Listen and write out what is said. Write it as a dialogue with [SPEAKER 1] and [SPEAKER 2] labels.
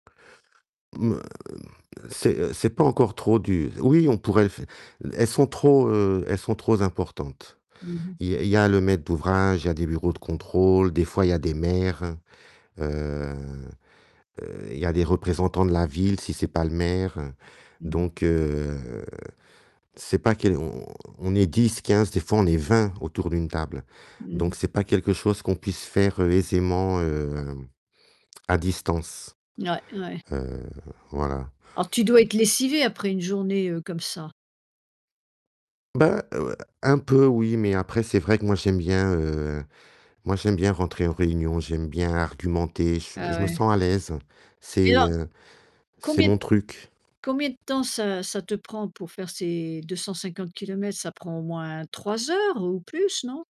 [SPEAKER 1] C'est c'est pas encore trop dur, oui on pourrait le fai elles sont trop, heu, elles sont trop z importantes.
[SPEAKER 2] Mmh mh.
[SPEAKER 1] Il y a il y a le maître d'ouvrage, il y a des bureaux de contrôle, des fois il y a des maires, heu, heu, il y a des représentants de la ville si c'est pas le maire,
[SPEAKER 2] Mmh mh.
[SPEAKER 1] donc, heu, c'est pas que l'on on on est 10-15, des fois on est 20 autour d'une table.
[SPEAKER 2] Mmh mh.
[SPEAKER 1] Donc c'est pas quelque chose qu'on puisse faire aisément, heu, à distance,
[SPEAKER 2] Ouais, ouais.
[SPEAKER 1] heu, voilà.
[SPEAKER 2] Alors tu dois être lessivé après une journée, heu, comme ça?
[SPEAKER 1] Ben, heu, un peu oui, mais après, c'est vrai que moi j'aime bien, heu, moi j'aime bien rentrer en réunion, j'aime bien argumenter, j
[SPEAKER 2] Ah,
[SPEAKER 1] je me
[SPEAKER 2] ouais.
[SPEAKER 1] sens à l'aise,
[SPEAKER 2] Mais
[SPEAKER 1] c'est,
[SPEAKER 2] alors,
[SPEAKER 1] heu, c'est
[SPEAKER 2] combien d
[SPEAKER 1] mon truc.
[SPEAKER 2] combien de temps ça ça te prend pour faire ces 250 kilomètres? Ça prend au moins 3 heures ou plus, non?